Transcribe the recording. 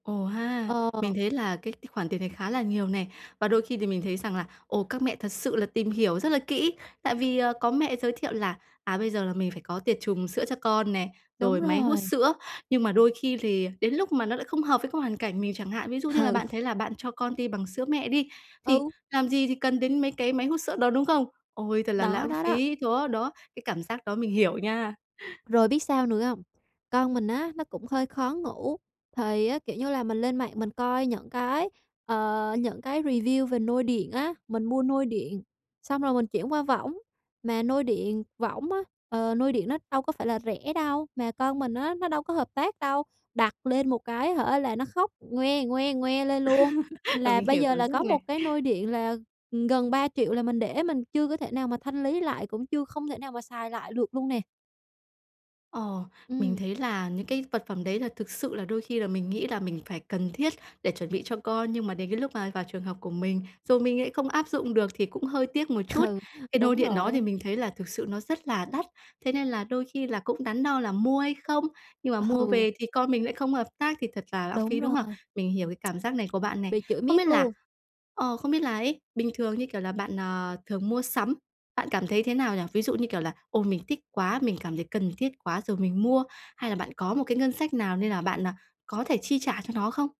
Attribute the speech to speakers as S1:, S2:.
S1: Ồ ha. Mình
S2: Ờ.
S1: thấy là cái cái khoản tiền này khá là nhiều nè. Và đôi khi thì mình thấy rằng là, ồ, các mẹ thật sự là tìm hiểu rất là kỹ, tại vì có mẹ giới thiệu là, à, bây giờ là mình phải có tiệt trùng sữa cho con nè,
S2: Đúng
S1: rồi máy hút
S2: rồi.
S1: sữa. Nhưng mà đôi khi thì đến lúc mà nó lại không hợp với cái hoàn cảnh mình chẳng hạn, ví dụ như là
S2: Ừ.
S1: bạn thấy là bạn cho con ti bằng sữa mẹ đi, thì
S2: Ừ.
S1: làm gì thì cần đến mấy cái máy hút sữa đó, đúng không? Ôi, thật là
S2: Đó,
S1: lãng
S2: đó, đó.
S1: phí! Chó đó, cái cảm giác đó mình hiểu nha.
S2: Rồi biết sao nữa hông? Con mình á, nó cũng hơi khó ngủ, thì, kiểu như là, mình lên mạng mình coi những cái, ờ, những cái review về nôi điện á, mình mua nôi điện xong rồi mình chuyển qua võng. Mà nôi điện võng á, ờ, nôi điện nó đâu có phải là rẻ đâu, mà con mình á, nó đâu có hợp tác đâu. Đặt lên một cái hả, là nó khóc "ngoe, ngoe, ngoe" lên luôn.
S1: À,
S2: Là
S1: mình
S2: bây
S1: hiểu
S2: giờ
S1: cảm
S2: là
S1: giác
S2: có một
S1: này.
S2: cái nôi điện là, ừm, gần 3.000.000 là mình để, mình chưa có thể nào mà thanh lý lại, cũng chưa không thể nào mà xài lại được luôn nè.
S1: Ờ, mình
S2: Ừm.
S1: thấy là những cái vật phẩm đấy là thực sự là đôi khi là mình nghĩ là mình phải cần thiết để chuẩn bị cho con, nhưng mà đến cái lúc mà vào trường hợp của mình, rồi mình lại không áp dụng được thì cũng hơi tiếc một
S2: Ừ,
S1: chút. Cái nôi
S2: đúng
S1: điện đó
S2: rồi á.
S1: thì mình thấy là thực sự nó rất là đắt. Thế nên là đôi khi là cũng đắn đo là mua hay không, nhưng mà mua
S2: Ừ.
S1: về thì con mình lại không hợp tác thì thật là lãng phí,
S2: Đúng
S1: đúng không?
S2: rồi.
S1: Mình hiểu cái cảm giác này của bạn này.
S2: Bị chửi
S1: Không
S2: miết
S1: biết là
S2: luôn.
S1: ờ, không biết là ấy, bình thường như kiểu là bạn, ờ, thường mua sắm, bạn cảm thấy thế nào nhỉ? Ví dụ như kiểu là: "Ô, mình thích quá! Mình cảm thấy cần thiết quá rồi mình mua", hay là bạn có một cái ngân sách nào nên là bạn à, có thể chi trả cho nó không?